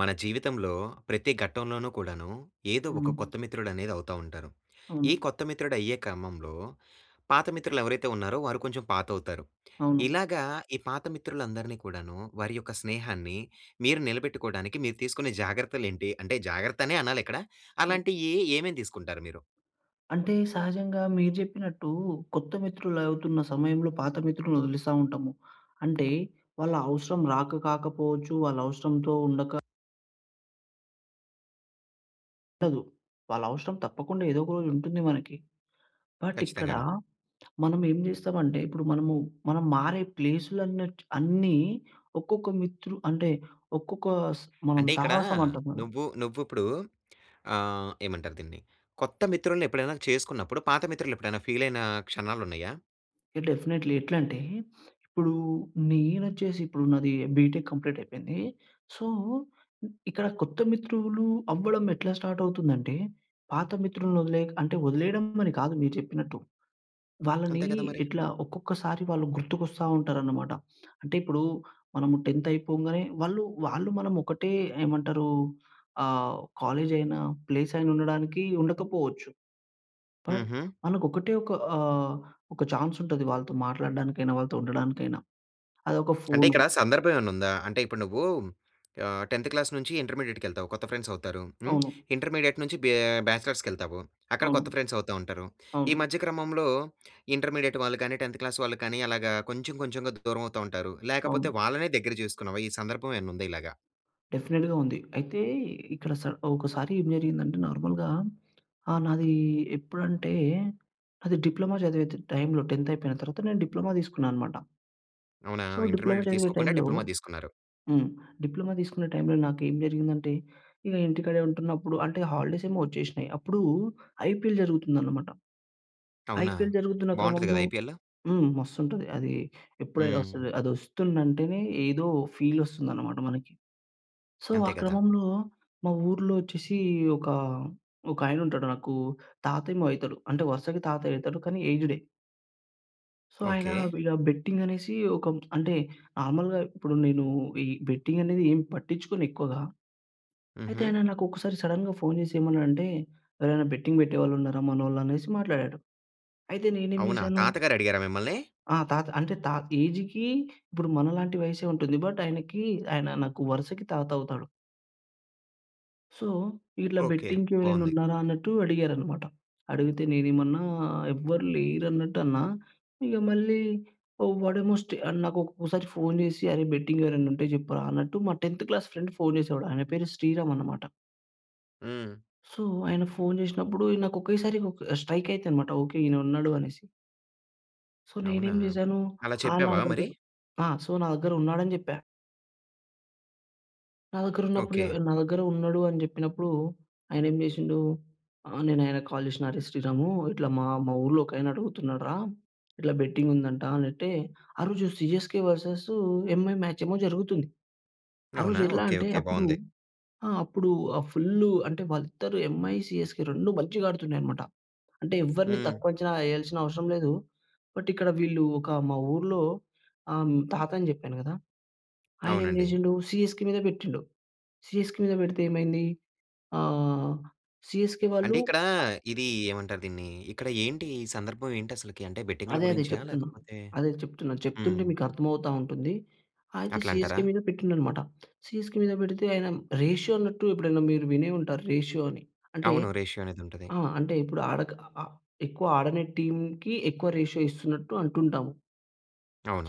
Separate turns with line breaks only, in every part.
మన జీవితంలో ప్రతి ఘట్టంలోనూ కూడాను ఏదో ఒక
హ్మ్.
కొత్త మిత్రుడనేది అవుతా ఉంటారు. ఈ
అవును.
కొత్త మిత్రుడయ్యే క్రమంలో పాత మిత్రులు ఎవరైతే ఉన్నారో, వారు కొంచెం పాతవుతారు.
అవును.
ఇలాగ ఈ పాత మిత్రులందరినీ కూడాను వారి యొక్క స్నేహాన్ని మీరు నిలబెట్టుకోవడానికి మీరు తీసుకునే జాగ్రత్తలేంటి? అంటే జాగ్రత్తనే అనాలిక్కడ.
హ్మ్.
అలాంటియి ఏమేమి తీసుకుంటారు మీరు?
అంటే, సహజంగా మీరు చెప్పినట్టు కొత్త మిత్రులు అవుతున్న సమయంలో పాత మిత్రుల్ని వదిలేస్తా ఉంటాము. అంటే, వాళ్ళ అవసరం రాక కాకపోవచ్చు. వాళ్ళ అవసరంతో ఉండక ఉండదు. వాళ్ళవసరం తప్పకుండా ఏదోక రోజు ఉంటుంది మనకి. బట్, ఇక్కడ
ఖచ్చితంగాను.
మనం ఏం జేస్తాం అంటే, ఇప్పుడు మనము మనం మారే ప్లేస్‌లు అన్నటు అన్ని ఒక్కొక్క మిత్రు అంటే, ఒక్కొక్క స్ మనం
అంటే, ఇక్కడ
సహవాసం అంటాం కదా!
నువ్వు నువ్వుప్పుడు ఆహ్, ఏమంటారు దీన్ని కొత్త మిత్రుల్ని ఎప్పుడైనా చేసుకున్నప్పుడు, పాత మిత్రులు ఎప్పుడైనా ఫీలయిన క్షణాలున్నాయా?
డెఫినిట్లీ. ఎట్లంటే, ఇప్పుడు నేనొచ్చేసి ఇప్పుడు నాది బీటెక్ కంప్లీట్ అయిపోయింది. సో, ఇక్కడ కొత్త మిత్రులు అవ్వడం ఎట్లా స్టార్ట్ అవుతుందంటే, పాత మిత్రుల్ని వదిలే అంటే వదిలేయడం అని కాదు మీరు చెప్పినట్టు. వాళ్ళని
అంతే కదా మరి.
ఎట్లా ఒక్కొక్కసారి వాళ్ళు గుర్తుకొస్తా ఉంటారన్నమాట. అంటే ఇప్పుడు మనం 10థ్ అయిపోంగానే వాళ్ళు వాళ్ళు మనం ఒకటే ఏమంటారు, ఆహ్, కాలేజయిన, ప్లేసయినా ఉండడానికి ఉండకపోవచ్చు. బట్,
హుహు.
మనకొకటే ఒక ఆహ్, ఒక చాన్సుంటది. వాళ్ళతో మాట్లాడడానికైనా, వాళ్ళతో ఉండడానికైనా, అదొక
అంటే,
ఫోను.
ఇక్కడ సందర్భం ఏమన్నా ఉందా? అంటే, ఇప్పుడు నువ్వు ఆహ్, 10థ్ క్లాస్ నుంచి ఇంటర్మీడియేట్‌కెల్తావు కొత్త ఫ్రెండ్స్ అవుతారు. హ్మ్.
అవును.
ఇంటర్మీడియట్ నుంచి బ్యా బ్యాచిలర్స్‌కెళ్తావు. అక్కడ
అవును.
కొత్త ఫ్రెండ్స్ అవుతా ఉంటారు. ఈ
అవును.
మధ్య క్రమంలో ఇంటర్మీడియేట్ వాళ్ళు గానీ, 10థ్ క్లాస్ వాళ్ళు కానీ అలాగా కొంచెం, కొంచెంగా దూరం అవుతా ఉంటారు. లేకపోతే
అవును.
వాళ్ళనే దగ్గర చేసుకున్నావా? ఈ సందర్భం ఏమన్నా ఉందా ఇలాగా?
డెఫినిట్‌గా ఉంది. అయితే ఇక్కడ సారీ ఒకసారి ఏం జరిగిందంటే నార్మల్‌గా ఆహ్, నాది ఎప్పుడంటే అది డిప్లొమా చదివే త టైమ్‌లో 10థ్ అయిపోయిన తర్వాత నేను డిప్లొమా తీసుకున్నానన్నమాట.
అవునా!
సో డిప్లొమా
ఇంటర్మీడియట్
చదివే
తీసుకోకుండా,
టైమ్‌‌లో
డిప్లొమా తీసుకున్నారు.
హ్మ్. డిప్లొమా తీసుకునే టైమ్‌లో నాకు ఏం జరిగిందంటే, ఇగ ఇంటికాడే ఉంటున్నప్పుడు అంటే హాలిడేస్ ఏమో ఒచ్చేశ్నయి. అప్పుడు ఐపీఎల్ జరుగుతుంది అన్నమాట.
అవునా!
ఐపీఎల్ జరుగుతున్న
బాగుంటది
క్రమంలో
గదా, ఐపీఎల్‌.
హ్మ్, మస్తుంటుంది. అది ఏప్రిల్‌లో
హ్మ్.
వస్తుంది. అది ఒస్తుందంటేనే ఏదో ఫీల్ వస్తుందన్నమాట మనకి. సో ఆ
అంతే గదా!
క్రమంలో మా ఊర్లో వచ్చేసి ఒక, ఒక ఆయన ఉంటాడు నాకు తాతేమో అయితడు. అంటే వరుసకి తాతయ్య అయితడు కానీ ఏజ్డే. సో ఆయన
ఓకె.
ఇలా బెట్టింగ్ అనేసి ఒక అంటే నార్మల్‌గా ఇప్పుడు నేను ఈ బెట్టింగ్ అనేది ఏం పట్టించుకోను ఎక్కువగా. అయితే
హుహు.
ఆయన నాకు ఒకసారి సడెన్‌గా ఫోన్ చేసి ఏమన్నాడంటే, "ఎవరైనా బెట్టింగ్ పెట్టేవాళ్ళు ఉన్నారా మనోళ్ళు?" అనేసి మాట్లాడాడు. అయితే నేనేం
అవునా?
చేశాను
తాతగారు అడిగారా మిమ్మల్ని?
ఆ! తాత అంటే తా ఏజ్‌కి ఇప్పుడు మనలాంటి వయస్సే ఉంటుంది. బట్ ఆయనకి ఆయన నాకు వరుసకి తాత అవుతాడు. సో, "ఇట్లా
ఓకే.
బెట్టింగ్‌కి ఎవరైనా
బావుంది.
ఉన్నారా?" అన్నట్టు అడిగారనమాట. అడిగితే నేనేమన్నా ఎవ్వరు లేరన్నట్టు అన్నా. ఇగ మళ్ళీ ఆహ్, వాడేమో స్టే ఆహ్, నాకొక్కోసారి ఫోన్ చేసి అరే! బెట్టింగెవరైనా ఉంటే చెప్పురా అన్నట్టు, మా 10థ్ క్లాస్ ఫ్రెండ్ ఫోన్ చేసేవాడు ఆయన పేరు శ్రీరామనమాట.
హ్మ్.
సో, ఆయన ఫోన్ జేసినప్పుడు ఇ నాకు ఒకేసారి ఒక స్ట్రైక్ అయితానమాట. ఓకే. ఈయన ఉన్నాడు అనేసి. సో,
అవునా!
నేనేం చేశాను
అలా
ఆ‌! నా
చెప్పావా
దగ్గర
మరి?
ఆ! సో, నా దగ్గరున్నాడని జెప్పా. నా దగ్గరున్నప్పుడు య
ఓకే.
నా దగ్గరున్నాడు అని జెప్పినప్పుడు, ఆయనేమి జేసిండు ఆహ్, నేనాయనకి కాల్ జేసినా, అరే శ్రీరామూ, ఇట్లా మా మా ఊర్లో ఒకాయన అడుగుతున్నాడురా ఇట్లా బెట్టింగుందంటా అనట్టే, ఆ రోజు సీఎస్‌కే వర్సెస్ ఎంఐ మ్యాచేమో జరుగుతుంది. ఆ రోజు
అవునా?
ఎట్లా
ఓకే.
అంటే
ఓకే.
అప్పుడు,
బాగుంది.
ఆ! అప్పుడూ ఆహ్, ఫుల్లు అంటే వాళ్ళిద్దరూ ఎంఐ, సీఎస్‌కే 2 మంచిగా ఆడుతున్నాయనమాట. అంటే ఎవ్వరిని
హ్మ్.
తక్కువ అంచనా యేయాల్సిన అవసరం లేదు. బట్ ఇక్కడ వీళ్ళు ఒక మా ఊర్లో ఆ! తాత అని చెప్పాను గదా! ఆయనేమి
అవునండి.
జేసిండు సీఎస్‌కే మీద పెట్టిండు. సీఎస్‌కే మీద పెడితే ఏమైంది ఆహ్, సీఎస్‌కే
అంటే
వాళ్ళు
ఇక్కడ
అ
ఇది ఏమంటారు దీన్ని, ఇక్కడ ఏంటి ఈ సందర్భం ఏంటసలకి? అంటే బెట్టింగుల
అదే అదే
గురించా
చెప్తున్నా.
లేకపోతే
అదే చెప్తున్నా.
హ్మ్.
చెప్తుంటే మీకు అర్థమవుతా ఉంటుంది. అయితే
అట్లంటారా?
సీఎస్‌కే మీద పెట్టిం‌డనమాట. సీఎస్‌కే మీద పెడితే ఆయన రేషియో అన్నట్టు ఎప్పుడైనా మీరు వినే ఉంటారు. రేషియో అని. అంటే
అవును రేషియో అనేదుంటది.
ఆ! అంటే ఇప్పుడు ఆడక ఆహ్, ఎక్కువ ఆడనట్టి టీమ్‌కి ఎక్కువ రేషియో ఇస్తున్నట్టు అంటుంటాం.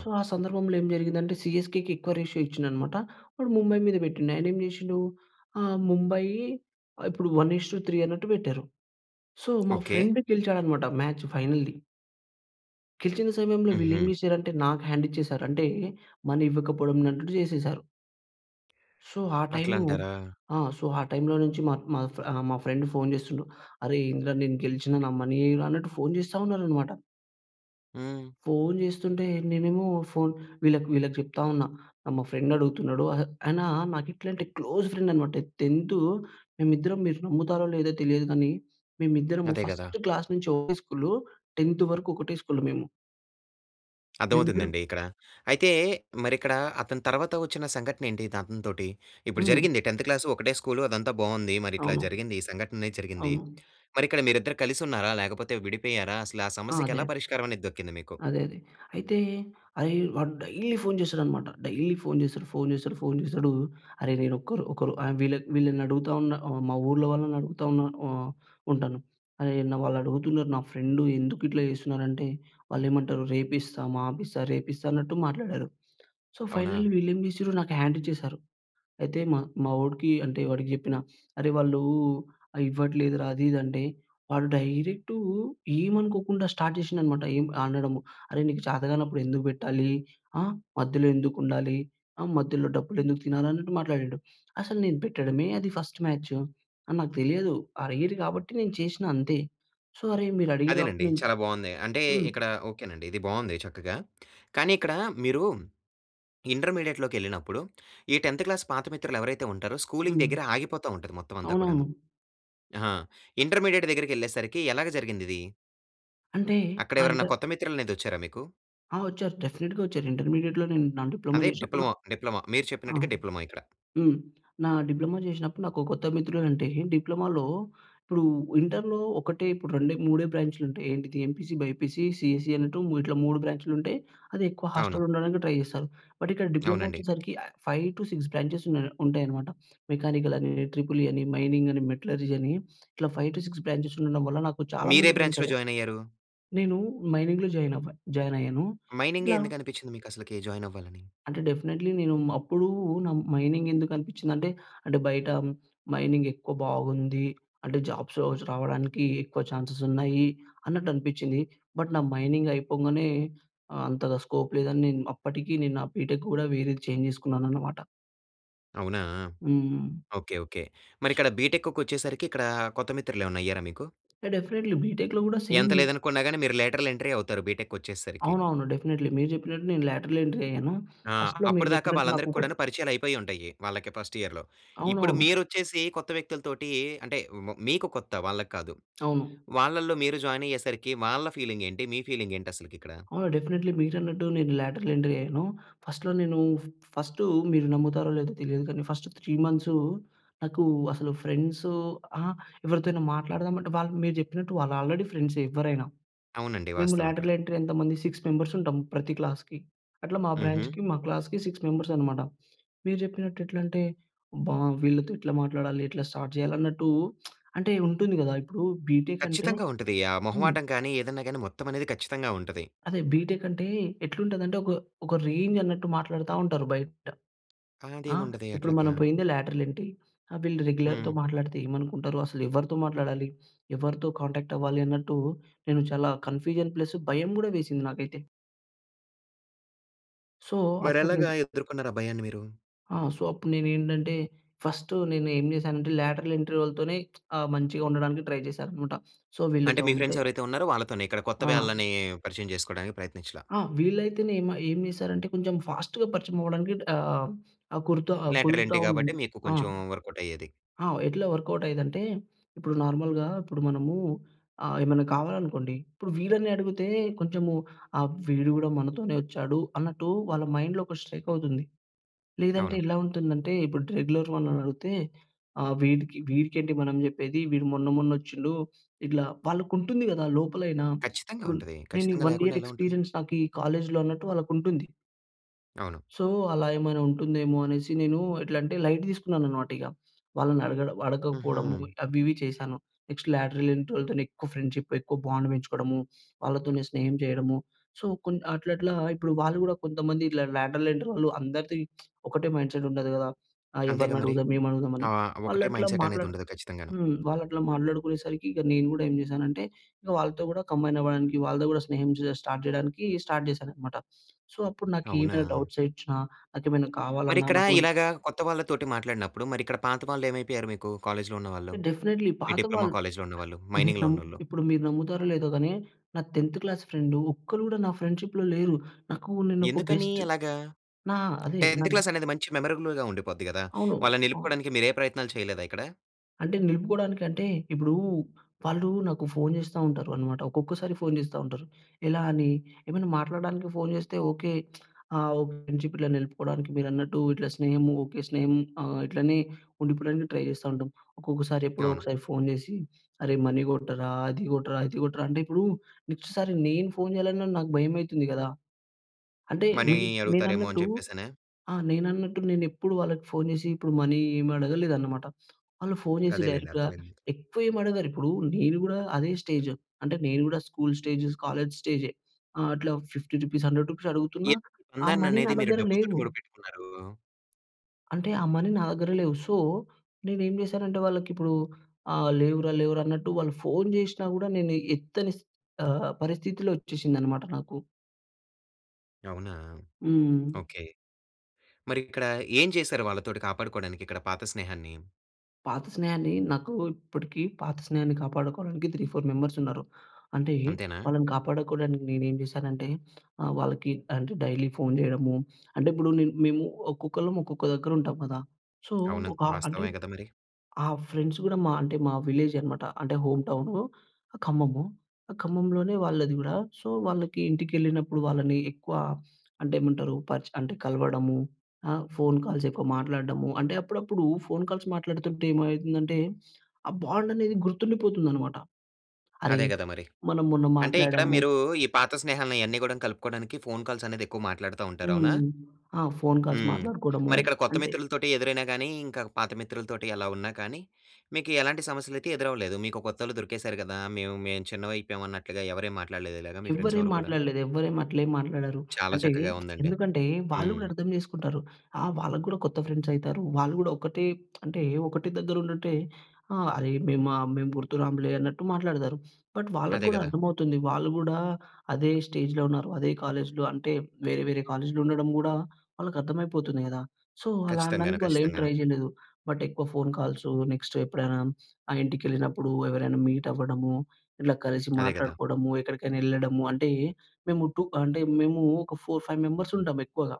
సో, ఆ సందర్భంలో ఏం జరిగిందంటే సీఎస్‌కేకి ఎక్కువ రేషియో ఇచ్చిండనమాట. వాడు ముంబై మీద పెట్టిండు. ఆయనేమి జేసిండు ఆహ్, ముంబయి ఇప్పుడు 1:3 అన్నట్టు పెట్టారు. సో, మా
ఓకే.
ఫ్రెండ్ గెలిచాడనమాట మ్యాచ్ ఫైనల్‌ది. గెలిచిన సమయంలో వీళ్ళేమి
హుహు.
చేషారంటే నాకు హ్యాండిచ్చేశారు. అంటే, మనీ ఇవ్వకపోడం నట్టుడు జేసేశారు. సో, ఆ టైమూ
అట్లంటారా?
ఆ! సో, ఆ టైమ్‌లో నుంచి మత్ మాఫ్ ఆహ్, మా ఫ్రెండ్ ఫోన్‌ చేస్తుండు. "అరే ఏందిరా! నేను గెలిచినా, నా మనీ ఎయిరా" అన్నట్టు ఫోన్ చేస్తా ఉన్నారనమాట.
హ్మ్.
ఫోన్ జేస్తుంటే నేనేమో ఫోన్ వీళ్ళక్ వీళ్ళకు చెప్తా ఉన్నా. ఆహ్, మా ఫ్రెండడుగుతున్నాడు. అహె ఆయనా నాకిట్లంటే క్లోజ్ ఫ్రెండనమాట.టెన్తు మేమిద్దరం మీరు నమ్ముతారో లేదో తెలియదు గానీ, మేమిద్దరము
అదే గదా!
ఫస్ట్ క్లాస్ నుంచి ఒకే స్కూలు. టెన్తు వరుకు ఒకటే స్కూలు మేము. మేమిద్దరం
అర్ధమవుతుందండి ఇక్కడ. అయితే, మరిక్కడా అతని తర్వాత ఒచ్చిన సంఘటనేంటి ఇదతనితోటి. ఇప్పుడు
హ్మ్.
జరిగింది 10థ్ క్లాసు ఒకటే స్కూలు అదంతా బావుంది. మరి ఇట్లా
అవును.
జరిగింది, ఈ సంఘటనేది జరిగింది.
అవును.
మరిక్కడ మీరిద్దరు కలిసి ఉన్నారా, లేకపోతే విడిపోయారా? అసలు ఆ
ఆ!
సమస్యకి ఎలా
అదే.
పరిష్కారమనేది దక్కింది మీకు?
అదే అదే. అయితే, అరేయ్ వాడు డైలీ ఫోన్ చేస్తాడనమాట. డైలీ ఫోన్ చేస్తడు, ఫోన్ చేస్తడు, ఫోన్ చేస్తడు. అరెరేయ్ నేనొక్కరు ఒకరు ఐమ్ వీళ్ళక్ వీళ్ళనడుగుతా ఉన్నా, ఆహ్, మా ఊళ్ళో వాళ్ళనడుగుతా ఉన్నా వ ఉంటాను. అరేయ్ అన్నా వాళ్ళడుగుతున్నరు, నా ఫ్రెండు ఎందుకిట్లా చేస్తున్నరంటే, వాళ్ళేమంటారు "రేపిస్తా, మాపిస్తా, రేపిస్తా" అన్నట్టు మాట్లాడారు. సో, ఫైనల్లీ
అవునా!
వీళ్ళేం చేసిర్రు, నాకు హ్యాండిచ్చేశారు. అయితే, మా మా వోడికి అంటే, వాడికి చెప్పిన. అరే వాళ్ళూ ఆహ్, ఇవ్వట్లేదురా అది ఇది అంటే, వాడు డైరెక్టూ ఏమనుకోకుండా స్టార్ట్ చేషిండనమాట, ఏం అనడము, "అరే నీకు చేతగానప్పుడు ఎందుకు బెట్టాలీ? ఆహ్, మధ్యలో ఎందుకుండాలి? ఆహ్, మధ్యలో డబ్బులెందుకు తినాలి?" అన్నట్టు మాట్లాడిండు. అసలు నేను పెట్టడమే అది ఫస్ట్ మ్యాచ్. అని నాకు తెలియదు. అడిగిర్రు గాబట్టి నేను చేషిన అంతే. సో, అరే మీరు అడిగిర్రు గాబట్టి,
అదేనండి.
నేన్
చాలా బావుంది. అంటే,
హ్మ్.
ఇక్కడ ఓకేనండి. ఇది బావుంది చక్కగా, కానీ ఇక్కడా మీరూ, ఇంటర్మీడియేట్‌లోకెళ్ళినప్పుడు, ఈ 10థ్ క్లాస్ పాత మిత్రులెవరైతే ఉంటారో, స్కూలింగ్
హ్మ్.
దెగ్గిరే ఆగిపోతా ఉంటది మొత్తం అంతా కూడాను.
అవునవును.
ఆ! ఇంటర్మీడియేట్ దగ్గరికెళ్ళేసరికి ఎలాగ జరిగిందిది?
అంటే
అక్కడ
ఆ ఇంట
ఎవరన్నా కొత్త మిత్రులనేది వచ్చారా మీకు?
ఆ! వచ్చారు. డెఫినెట్‌గా వచ్చారు. ఇంటర్మీడియెట్‌లో నేను నా డిప్లొమో
అదే
జేసినప్పుడు నా
డిప్లొమా డిప్లొమా మీరు
ఆ!
చెప్పినట్టుగా డిప్లొమా ఇక్కడ.
హ్మ్. నా డిప్లొమో జేశినప్పుడు నాకు కొత్త మిత్రులంటే డిప్లొమోలో ఇప్పుడు ఇంటర్‍లో ఒకటే ఇప్పుడు రెండే మూడే బ్రాంచ్‌లు ఉంటాయి. ఏంటిది ఎంపీసీ బైపీసీ సీఈసీ అన్నట్టు ఇట్లా 3 బ్రాంచ్‌లు ఉంటాయి. అది ఎక్కువ
అవును.
హాస్టల్లో ఉండడానికి ట్రై జేస్తారు. బట్ ఇక్కడ డిప్లొమో
అవునండి.
వచ్చేసరికి ఆహ్, 5-6 బ్రాంచెస్ ఉన్నాయి ఉంటాయనమాట. మెకానికల్ అని, ట్రిపుల్ ఈ అని, మైనింగ్ అని, మెటలర్జీ అని ఇట్లా 5-6 బ్రాంచెస్ ఉండడం వల్ల నాకు చాలా
మీరే
మంది ఫ్రెండ్స్
బ్రాంచ్‌లో
అయ్యారు.
జాయిన్ అయ్యారు?
నేను మైనింగ్‌లో జాయిన్ అవ్వా జాయిన్
మైనింగే
అయ్యాను.ఇట్లా
ఎందుకు అనిపిచ్చింది మీకు అసలుకి జాయిన్ అవ్వాలని?
అంటే డెఫినెట్లీ. నేను అప్పుడూ న మైనింగ్ ఎందుకనిపిచ్చిందంటే అంటే బయట మైనింగ్ ఎక్కువ బాగుంది. అంటే జాబ్స్ రావచ్చు రావడానికి ఎక్కువ ఛాన్సెస్ ఉన్నాయి అన్నట్టు అనిపిచ్చింది. బట్ నా మైనింగ్ అయిపొంగనే అంతగా స్కోప్ లేదని నేను అప్పటికి నేను నా బీటెక్ కూడా వేరేది చేంజ్ చేసుకున్నాననమాట.
అవునా!
హ్మ్.
Okay, okay. మరిక్కడ బిటెక్కుకొచ్చేసరికి ఇక్కడా కొత్త మిత్రులు ఏవైనా అయ్యారా మీకు?
ఇగ డెఫినెట్‌‌లీ. బీటెక్‌లో కూడా
ఎంత
సేము
లేదనుకున్నా గాని మీరు లేటరల్ ఎంట్రే అవుతారు బిటెక్‌కొచ్చేసరికి.
అవునవును. డెఫినెట్‌‌లీ. మీరు చెప్పినట్టు నేను లేటరల్ ఎంట్రీ అయ్యాను.
ఆ!
ఫస్ట్‌లో మీరు
అప్పుడు దాకా
చెప్పినట్టు
వాళ్ళందరికీ
నాకొక
కూడాను పరిచయాలు అయిపోయి ఉంటాయి వాళ్ళకి ఫస్ట్ ఇయర్‌లో. ఇప్పుడు
అవునవును.
మీరొచ్చేసి కొత్త వ్యక్తుల తోటీ అంటే వ్ మీకు కొత్త వాళ్ళకి కాదు.
అవును.
వాళ్ళల్లో మీరు జాయిన్ అయ్యేసరికి వాళ్ళ ఫీలింగేంటి? మీ ఫీలింగేంటి అసలకి ఇక్కడ?
అవును. డెఫినెట్‌‌లీ. మీరు అన్నట్టు నేను లేటరల్ ఎంట్రీ అయ్యాను. ఫస్ట్‌లో నేను ఫ ఫస్టు మీరు నమ్ముతారో లేదో తెలియదు గాని ఫస్ట్ 3 మంత్సు, నాకు అసలు ఫ్రెండ్సు అహ! ఎవరితో అయినా మాట్లాడదాం అంటే వాళ్ళకు మీరు జెప్పినట్టు వాళ్ళు ఆల్రెడీ ఫ్రెండ్సే ఎవ్వరైనా.
అవునండి.
మేము
వాస్తవం అక్కడ.
లేటరల్ ఎంట్రీ ఎంతమంది సిక్స్ మెంబర్స్ ఉంటాం ప్రతి క్లాస్‌కి. అట్లా మా
హుహు.
బ్రాంచ్‌కి మా క్లాస్‌కి 6 మెంబర్స్ అనమాట. మీరు జెప్పినట్టు ఎట్లంటే అబ్బా! వీళ్ళతో ఎట్లా మాట్లాడాలి? ఎట్లా స్టార్ట్ చేయాలి? అన్నట్టు అంటే ఉంటుంది గదా ఇప్పుడు బీటెక్ అంటే
ఖచ్చితంగా ఉంటది. ఆ
హ్మ్.
మొహమాటం కాని, ఏదన్నా గాని మొత్తం అనేది ఖచ్చితంగా ఉంటది.
అదే బీటెక్ అంటే ఎట్లుంటదంటే ఒక ఒక రేంజ్ అన్నట్టు మాట్లాడతా ఉంటారు బయట. ఆ!
ఆదేముండదే
ఇప్పుడు
అట్లగా.
మనం పోయిందే లేటరల్ ఎంటీ. ఆ వీళ్ళు రెగ్యులర్‌తో
హ్మ్.
మాట్లాడితే ఏమనుకుంటారో. అసలు ఎవరితో మాట్లాడాలి? ఎవరితో కాంటాక్ట్ అవ్వాలి అన్నట్టు నేను చాలా కన్ఫ్యూజన్ ప్లస్ భయం కూడా వేసింది నాకైతే. సో, అప్పుడు నేను
మరెలగా ఎదుర్కొ‌‌న్నారు ఆ భయాన్ని మీరు?
ఆ! సో, అప్పుడు నేనేంటంటే, ఫష్టు నేను ఏం చేశానంటే, లేట్రల్ ఎంట్రీ వాళ్ళతోనే ఆహ్, మంచిగా ఉండడానికి ట్రై చేశాను అన్నమాట. సో,
అంటే,
వీళ్ళతో
మీ
ఉంటె
ఫ్రెండ్స్ ఎవరైతే ఉన్నారో వాళ్ళతోనే. ఇక్కడ కొత్త
ఆ!
వాళ్ళని పరిచయం చేసుకోడానికి ప్రయత్నించల.
ఆ! వీళ్లైతే‌నే ఏం ఏంచేశారంటే కొంచెం ఫాస్ట్‌గా పరిచయం అవ్వడానికి ఆహ్, కుర్తా
లేటర్
కొంత
ఎంటీ కాబట్టి మీకు
ఆ!
కొంచెం వర్కౌట్ అయ్యేది.
ఆహ్, ఎట్లా వర్కౌట్ అయ్యేదంటే ఇప్పుడు నార్మల్‌గా ఇప్పుడు మనము ఆహ్, ఏమైనా కావాలనుకోండి ఇప్పుడు వీళ్ళని అడుగుతే కొంచెము ఆహ్, వీడు కూడా మనతోనే వచ్చాడు అన్నట్టు వాళ్ళ మైండ్‌లో ఒక స్ట్రైక్ అవుతుంది. లేదంటే
అవును.
ఎలా ఉంటుందంటే, ఇప్పుడు రెగ్యులర్ వాళ్ళని అడుగుతే ఆహ్, వీడికి వీడికి -ఏంటి మనం చెప్పేది వీడు మొన్న మొన్న ఒచ్చిండు ఇట్లా వాళ్ళకి ఉంటుంది కదా! లోపలైనా!
ఖచ్చితంగ
ఇప్పుడు
ఉంటది.
నేనీ
ఖచ్చితంగా
వన్
లేకుండా
ఇయర్
ఎలా ఉంటది?
ఎక్స్‌పీరిఎన్స్ నా‌కీ కాలేజ్‌లో అన్నట్టు వాళ్ళకుంటుంది.
అవును.
సో, అలా ఏమైనా ఉంటుందేమో అనేసి నేను ఎట్లం‌టే, లైట్ తీసుకున్నాను అనమాట ఇగ. వాళ్ళని అడగ అడగకపోవడం
హుహు.
అవి ఇవి చేశాను. నెక్స్ట్ లేట్రల్ ఎంట్రీ వాళ్ళతోని ఎక్కువ ఫ్రెండ్షిప్, ఎక్కువ బాండ్ పెంచుకోడము. వాళ్ళతోనే స్నేహం చేయడము. సో, కొన్ అట్లట్లా ఇప్పుడు వాళ్ళు కూడా కొంతమంది ఇలా లేట్రల్ ఎంట్రీ వాళ్ళు అందరిది ఒకటే మైండ్‌సెట్ ఉండదు కదా! ఆహ్,
అంతేగ
ఎవరిని
మరి.
అడుగుదాం, ఏం అడుగుదాం అని.
ఆహ్, ఒక్కటే
వాళ్ళట్లా
మైండ్‌సెట్ అనేది
మాట్లాడ
ఉండదు ఖచ్చితంగాను.
హ్మ్. వాళ్ళట్లా మాట్లాడుకునే సరికి ఇక నేను కూడా ఏం చేశానంటే, వాళ్ళతో కూడా కంబైన్ అవ్వడానికి వాళ్ళతో కూడా స్నేహం స్టార్ట్ చేయడానికి స్టార్ట్ చేశాను అన్నమాట. సో, అప్పుడు నాకీమైనా
అవునా!
డౌట్స్ వచ్చినా, నాకేమైనా కావాలన్నా,
మరిక్కడా,
నాకేమన్నా
ఇలాగ కొత్త వాళ్ళతోటి మాట్లాడినప్పుడు, మరి ఇక్కడ పాత వాళ్ళు ఏమైపోయారు మీకు కాలేజ్‌లో ఉన్నవాళ్ళు?
డెఫి‌నేట్లీ.
మీ డిప్లొమా
పాతవాళ్ళు
కాలేజ్‌లో ఉన్నవాళ్ళు?
మీరు
మై‌నింగ్‌లో
నమ్ముతా
ఉన్నోళ్ళు?
ఇప్పుడు మీరు నమ్ముతారో లేదో గానీ నా 10థ్ క్లాస్ ఫ్రెండు ఒక్కళ్ళు కూడా నా ఫ్రెండ్షిప్‌లో లేరు. నాకు నేను ఒక
ఎందుకనీ
బెస్ట్
అలగా?
నా ఆహ్, అదే
10థ్ క్లాస్ అనేది మంచి మెమరబుల్‌గా ఉండిపోద్ది గదా!
అవును.
వాళ్ళని
హ్మ్.
నిలుపుకోడానికి మీరు ఏ ప్రయత్నాలు చేయలేదా ఇక్కడ?
అంటే నిలుపుకోవడానికంటే, ఇప్పుడు వాళ్ళు నాకు ఫోన్ చేస్తా ఉంటారు అనమాట. ఒక్కొక్కసారి ఫోన్ చేస్తా ఉంటారు. ఎలా అని ఏమైనా మాట్లాడడానికి ఫోన్ చేస్తే ఓకే. ఆహ్, ఓ ఫ్రెండ్‌షిప్ ఇట్ల నిలుపుకోవడానికి, మీరన్నట్టు ఇట్లా స్నేహము ఓకే! స్నేహం ఆహ్, ఇట్లనే ఉండిపోవడానికి ట్రై చేస్తా ఉంటాం. ఒక్కొక్కసారి ఎప్పుడో
అవును.
ఒకసారి ఫోన్ చేసి అరే మనీ కొట్టరా, అది కొట్టరా, ఇది కొట్టరా అంటే ఇప్పుడు నెక్స్ట్ సారి నేను ఫోన్ చేయాలన్నా నాకు భయం అయితుంది కదా! అంటే
మనీ
నే
అడుగుతారేమో అని
నేనన్నట్టు
చెప్పేసనా?
ఆహ్, నేనన్నట్టు నేను ఎప్పుడు వాళ్ళకి ఫోన్ చేసి ఇప్పుడు మనీ ఏమి అడగలేదు అన్నమాట. వాళ్ళు ఫోన్ చేసి
అదేలెండి.
డైరెక్ట్‌గా,
అర్థమైంది.
ఎక్కువ ఏమి అడగరు. ఇప్పుడు నేను కూడా అదే స్టేజ్. అంటే నేను కూడా స్కూల్ స్టేజస్, కాలేజ్ స్టేజే అట్లా రూ. 50 రూ. 100 అడుగుతున్న
ఈ
ఆ మనీ నా
బంధాన్ననేది మీరు
దగ్గర
డబ్బుతోటి
లేవు.
మూడి పెట్టుకున్నారు
అంటే ఆ మనీ నా దగ్గర లేవు. సో, నేనేం చేశానంటే వాళ్ళకి ఇప్పుడు ఆహ్, లేవురా, లేవురా అన్నట్టు వాళ్ళు ఫోన్ చేషినా కూడా, నేను ఎత్తని స్ ఆహ్, పరిస్థితిలో వచ్చేసిందన్నమాట నాకు.
అవునా!
హ్మ్.
ఓకే. మరి ఇక్కడ ఏం చేశారు వాళ్ళతోటి కాపాడుకోవడానికి, ఇక్కడ పాత స్నేహాన్ని?
పాత స్నేహాన్ని, నాకు ఇప్పటికి పాత స్నేహాన్ని కాపాడుకోవడానికి 3, 4 మెంబర్స్ ఉన్నారు. అంటే
అంతేనా!
వాళ్ళని కాపాడుకోవడానికి నేను ఏమి చేశానంటే ఆహ్, వాళ్ళకి అంటే డైలీ ఫోన్ చేయడము, అంటే ఇప్పుడు నే మేము ఒక్కొక్కళ్ళం ఒక్కొక్క దగ్గర ఉంటాం కదా! సో,
అవును.
ఒక అంటే,
వాస్తవమే కదా! మరి.
ఆ ఫ్రెండ్స్ కూడా మా అంటే మా విలేజే అనమాట. అంటే హోమ్ టౌనూ, ఖమ్మము. ఖమ్మంలోనే వాళ్ళది గూడా. సో, వాళ్ళకి ఇంటికి ఎళ్ళినప్పుడు, వాళ్ళని ఎక్కువ అంటే ఏమంటారు పరిచె అంటే కలవడము. ఆహ్, ఫోన్ కాల్స్ ఎక్కువ మాట్లాడడము. అంటే అప్పుడప్పుడు ఫోన్ కాల్స్ మాట్లాడుతుంటే ఏమైతుందంటే ఆ బాండ్ అనేది గుర్తుండిపోతుందనమాట. అరే!
అదే కదా! మరి.
మనం మొన్న
అంటే ఇక్కడ
మాట్లాడాము.
మీరు, ఈ పాత స్నేహాలను ఇయన్నీ కూడా కలుపుకోవడానికి ఫోన్ కాల్స్ అనేది ఎక్కువ మాట్లాడతా ఉంటారు. అవునా?
హ్మ్. ఆ! ఫోన్ కాల్స్
హ్మ్.
మాట్లాడుకోవడము,
ఇక్కడ కొత్త
అంటే
మిత్రులతోటి ఎదురైనా గాని, ఇంకా పాత మిత్రులతోటి ఎలా ఉన్నా కానీ, మీకెలాంటి సమస్యలైతే ఎదురవ్వలేదు. మీకు కొత్తోలు దొరికేసారు కదా! మేము, మేము చిన్నవి అయిపోయాం అన్నట్లుగా ఎవరేం మాట్లాడలేదా? ఇలాగా మీ ఫ్రెండ్స్
ఎవ్వరేం
ఎవరు కూడాను?
మాట్లాడలేదు. ఎవ్వరేమి అట్లేం మాట్లాడరు.
చాలా
అంటే
చక్కగా ఉందండి.
ఎందుకంటే వాళ్ళు
హ్మ్.
కూడా అర్థం చేసుకుంటారు. ఆహ్, వాళ్ళకి కూడా కొత్త ఫ్రెండ్స్ అయితారు. వాళ్ళు కూడా ఒకటే, అంటే ఒకటే దగ్గర ఉండుంటే ఆహ్, అరే మేం ఆహ్, మేము గుర్తు రాములే అన్నట్టు మాట్లాడతారు. బట్ వాళ్ళకి
అదే
కూడా
కదా!
అర్థమవుతుంది వాళ్ళు కూడా అదే స్టేజ్‌‌లో ఉన్నారు. అదే కాలేజ్‌లో అంటే వేరే, వేరే కాలేజ్‌లో ఉండడం కూడా, వాళ్ళకి అర్థమైపోతుంది కదా! సో అలా
ఖచ్చితంగాను.
అనడానికి వాళ్ళు ఏమి
ఖచ్చితంగాను.
ట్రై చేయలేదు. బట్ ఎక్కువ ఫోన్ కాల్సు, నెక్స్ట్ ఎప్పుడైనా ఆ ఇంటికెళ్ళినప్పుడు ఎవరైనా మీట్ అవ్వడము. ఇట్ల కలిసి
అదే కదా!
మాట్లాడుకోవడము, ఎక్కడికైనా ఎళ్ళడము, అంటే, మేము 2 అంటే మేము ఒక ఫోర్ ఫైవ్ మెంబర్స్ ఉంటాము ఎక్కువగా.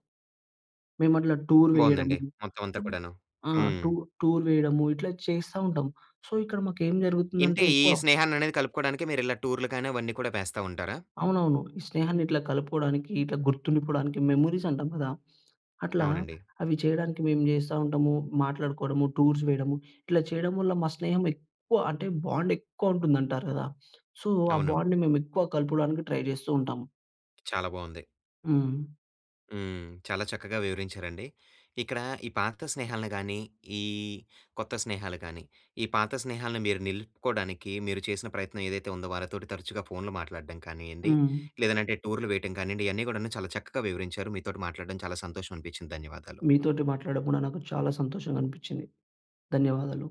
మేమట్లా టూర్
బావుందండి.
వేయడము.
మొత్తం అంతా కూడాను.
ఆహ్,
హ్మ్.
టూ టూర్ వేయము ఇట్లా చేస్తా ఉంటాం. సో, ఇక్కడ మాకు ఏం జరుగుతుంది అంటే
ఇంతే ఈ
ఎక్కువ
స్నేహాన్ననేది కలుపుకోడానికి మీరు ఇలా టూర్‌లు కానీ, అవన్నీ కూడా వేస్తా ఉంటారా?
అవునవును. ఈ స్నేహాన్ని ఇట్లా కలుపుకోవడానికి, ఇట్లా గుర్తుండిపోవడానికి మెమోరీస్ అంటాం కదా! అట్లా
అవునండి.
అవి చేయడానికి మేము చేస్తా ఉంటాము. మాట్లాడుకోవడము, టూర్స్ వేయడము ఇట్లా చేయడం వల్ల మా స్నేహం ఎక్కువ, అంటే బాండ్ ఎక్కువ ఉంటుంది అంటారు కదా! సో, ఆ
అవును.
బాండ్‌ని మేము ఎక్కువ కలపడానికి ట్రై చేస్తూ ఉంటాము.
చాలా బావుంది.
హ్మ్.
హ్మ్. చాలా చక్కగా వివరించారండి. ఇక్కడ ఈ పాత స్నేహాలనిగాని, ఈ కొత్త స్నేహాలు కానీ, ఈ పాత స్నేహాలను మీరు నిలుపుకోవడానికి మీరు చేసిన ప్రయత్నం ఏదైతే ఉందో వారితోటి తరచుగా ఫోన్‌లు మాట్లాడడం కానియ్యండి,
హ్మ్.
లేదనంటే టూర్‌లు వేయటం కానియ్యండి, ఇయన్నీ కూడాను చాలా చక్కగా వివరించారు. మీతోటి మాట్లాడడం చాలా సంతోషం అనిపించింది. ధన్యవాదాలు.
మీతోటి మాట్లాడడం కూడా నాకు చాలా సంతోషంగా అనిపించింది. ధన్యవాదాలు.